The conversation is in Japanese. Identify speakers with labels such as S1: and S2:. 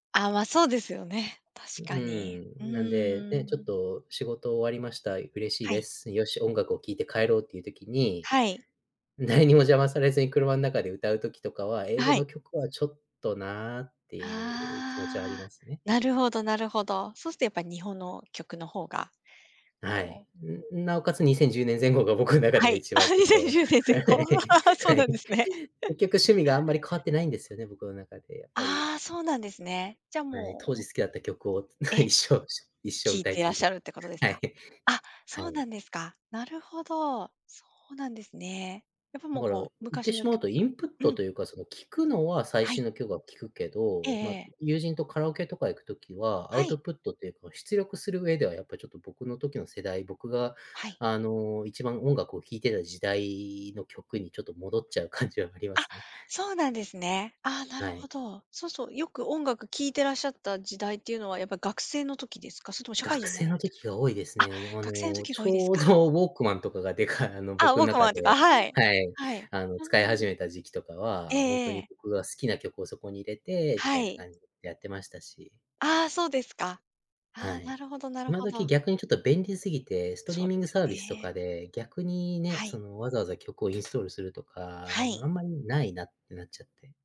S1: あ、ま、そうですよね、確
S2: う
S1: かに。う
S2: ーん。なんで、
S1: ー
S2: ね、ちょっ
S1: ん。
S2: と、仕事終わりました。嬉しい
S1: は
S2: で
S1: い。
S2: す、「よし、音楽を聴いて帰ろう」っていう時に、
S1: はい。
S2: 誰にも邪魔されずに、車ん中で歌う時とかは、
S1: あ、
S2: 「英語
S1: はい。
S2: の曲はちょっとな」っていう気持ちはあり
S1: あ
S2: ま
S1: あ。
S2: すね。
S1: なるほどなるほど。そうすっと、やっぱ日本の曲の方が
S2: なは
S1: こ
S2: い、
S1: う
S2: ううなおかつ、2010年前後が僕ん中
S1: あ、は
S2: で
S1: い。
S2: 一
S1: あ、
S2: 番ちょ
S1: に
S2: っ
S1: せん
S2: と、
S1: じゅうねん
S2: は
S1: 前
S2: い
S1: 後。そう
S2: は
S1: な
S2: い。
S1: んですね。
S2: 結局、趣味があんまり変わってないんですよね僕の中で、やっぱり。
S1: ああ、そうなんですね。じゃ、
S2: はい。
S1: もう
S2: 当
S1: ほん
S2: 時好きだった曲を、つ
S1: ええ。
S2: 一生、す、一生
S1: 聴い
S2: 歌い
S1: てらっ
S2: 続
S1: し
S2: け
S1: ゃるってことです
S2: は
S1: か。
S2: い。
S1: あ、
S2: は
S1: そう
S2: い。
S1: なんですか、なるほど。そうなんですね。やっぱ、
S2: だ
S1: もう、
S2: から
S1: こう、
S2: 言っ
S1: 昔
S2: てし
S1: の
S2: まう
S1: 曲
S2: と、インプッ
S1: うん
S2: ト
S1: r。
S2: というか、その、聴くのは最
S1: は
S2: 新
S1: い。
S2: の曲は聴くけ
S1: ええ
S2: ど、
S1: え
S2: ま、
S1: え。
S2: 友人とカラオケとか行く時は、ア
S1: は
S2: ウト
S1: い。
S2: プットっていうか、ま、出力する上では、やっぱ、ちょっと、僕の時の世代、僕が、
S1: はい。
S2: あの、一番音楽を聴いてた時代の曲にちょっと戻っちゃう感じはありま
S1: あ、
S2: すね。
S1: そうなんですね。あ、な
S2: は
S1: るほ
S2: い。
S1: ど。そうそうよく音楽聴いてらっしゃった時代っていうのは、やっぱ学生の時ですか？それとも社会
S2: 学
S1: 人にな
S2: 生
S1: ら
S2: の
S1: れてか
S2: 時が多いです
S1: ら？あ、
S2: ね。でも、あ
S1: 学生の
S2: の、
S1: 時
S2: ち
S1: が多いです
S2: ょう
S1: か。
S2: ど WALKMAN とかがでかあの、
S1: あ、
S2: 僕ん中
S1: WALKMAN っていうか、
S2: で
S1: はい。
S2: はい。
S1: はい。
S2: あの、
S1: ああ
S2: 使い始
S1: ん。
S2: めた時期とか
S1: え
S2: は、ほん
S1: え
S2: と
S1: え
S2: に
S1: え。
S2: 僕が好きな曲をそこに入れてみ
S1: は
S2: たいな
S1: い。
S2: 感じでやってましたし。
S1: ああ、そうですか。
S2: は
S1: はあ、
S2: い、
S1: なるほどなる
S2: 今
S1: ほ
S2: 時、
S1: ど。
S2: 逆にちょっと便利すぎて、ストリ
S1: そ
S2: ー
S1: う
S2: ミ
S1: で
S2: ング
S1: すよ
S2: サービスと
S1: ね。
S2: かで、逆にね、
S1: は
S2: そ
S1: い。
S2: の、わざわざ曲をインストールするとか、あ
S1: は
S2: の、
S1: い。
S2: あんまりないなってなっちゃって。